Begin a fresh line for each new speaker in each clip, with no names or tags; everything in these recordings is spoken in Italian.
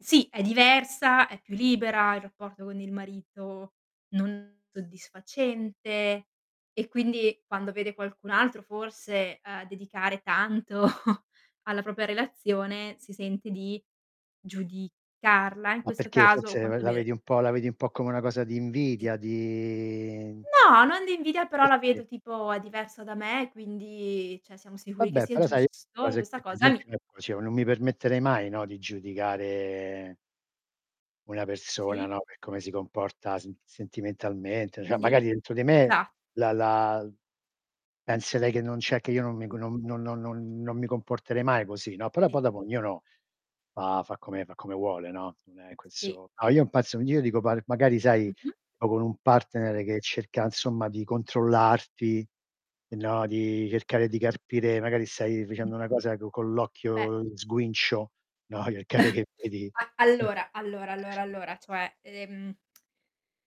Sì, è diversa, è più libera, il rapporto con il marito non soddisfacente. E quindi, quando vede qualcun altro forse, uhm, dedicare tanto alla propria relazione, si sente di giudicarla in
Ma
questo
perché,
caso o
forse ve
quanto
la
bene.
vedi un po' la vedi un po' come una cosa di
Sì.
invidia? Di
No, non di invidia però
Sì,
la
sì.
vedo tipo: "È diversa da me," quindi cioè, siamo sicuri che
Vabbè
sia
però, sai, [unintelligible] queste
giusto e
cose
questa
qui, per
cosa mi
esempio ecco, cioè, u non mi permetterei mai, no, di giudicare una persona,
Sì?
no, per per come si comporta sem sentimentalmente cioè,
Sì.
magari, dentro di me
Esatto.
la lal penserei che non cioè, che io non mi co non non non non mi comporterei mai così, no, però
[unintelligible]
poi dopo ognuno, fa fa come fa come vuole, no, non è
Sì.
questo no, io non pezzo gn io dico par magari, sai
Mh-mh.
sto con un partner
Sì.
che cerca, insomma, di controllarti no, di cercare di carpire, magari, stai dicendo una cosa co con
Beh.
l'occhio sguincio, no, gli occhiate che vedi.
A allora allora allora allora cioè, ehm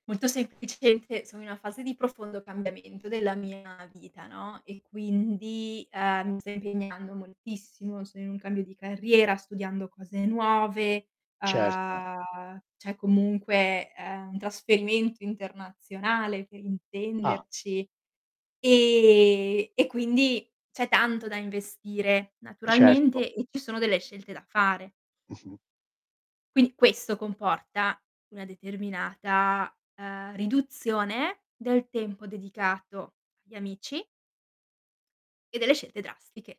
molto semplicemente sono i una fase di profondo cambiamento della mia vita, no, e quindi, ehm, mi sto impegnando moltissimo, sono in un cambio di carriera, studiando cose nuove,
Certo.
uhm, cioè comunque, ehm, un trasferimento internazionale per
Ah!
intenderci ehm, e quindi c'è tanto da investire
Certo.
naturalmente e ci sono delle scelte da fare.
Mh-mh.
Quindi questo comporta una determinata, uhm, riduzione del tempo dedicato agli amici e delle scelte drastiche.